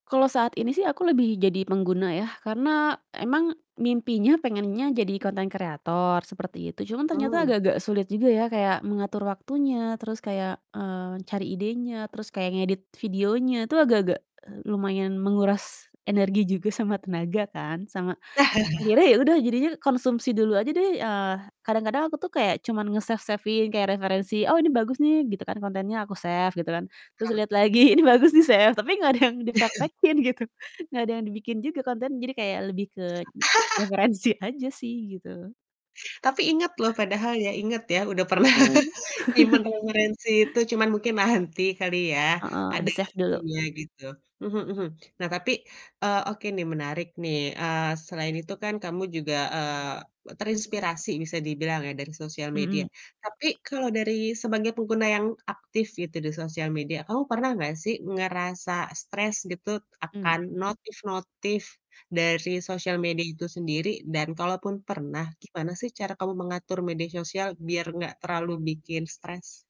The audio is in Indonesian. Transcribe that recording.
Kalo saat ini sih aku lebih jadi pengguna ya, karena emang mimpinya pengennya jadi konten kreator, seperti itu. Cuma ternyata Mmm. agak-agak sulit juga ya kayak mengatur waktunya, terus kayak, eee, cari idenya, terus kayak ngedit videonya itu agak-agak, eee, lumayan menguras energi juga sama tenaga kan, sama akhirnya ya udah jadinya konsumsi dulu aja deh, eee, kadang-kadang aku tuh kayak cuman nge-save-save-in kayak referensi, "Oh ini bagus nih." Gitu kan kontennya, aku save gitu kan. Terus Hmm. liat lagi "Ini bagus." di-save tapi nggak ada yang dipraktekkin gitu, nggak ada yang dibikin juga kontennya. Jadi kayak lebih ke referensi aja sih gitu. Tapi inget loh, padahal ya, inget ya udah pernah Heeh. nyimpen referensi itu, cuman mungkin nanti kali ya Heeh, ada di-save dulu. waktunya gitu. Mhm mhm. Nah tapi, eee, oke, nih, menarik, nih, eee, selain itu kan kamu juga, eee, terinspirasi bisa dibilang ya dari sosial Hmm. media, tapi kalau dari sebagai pengguna yang aktif gitu di sosial media kamu pernah nggak sih ngerasa stres gitu Mmm. akan notif-notif dari sosial media itu sendiri? Dan kalaupun pernah gimana sih cara kamu mengatur media sosial biar nggak terlalu bikin stres?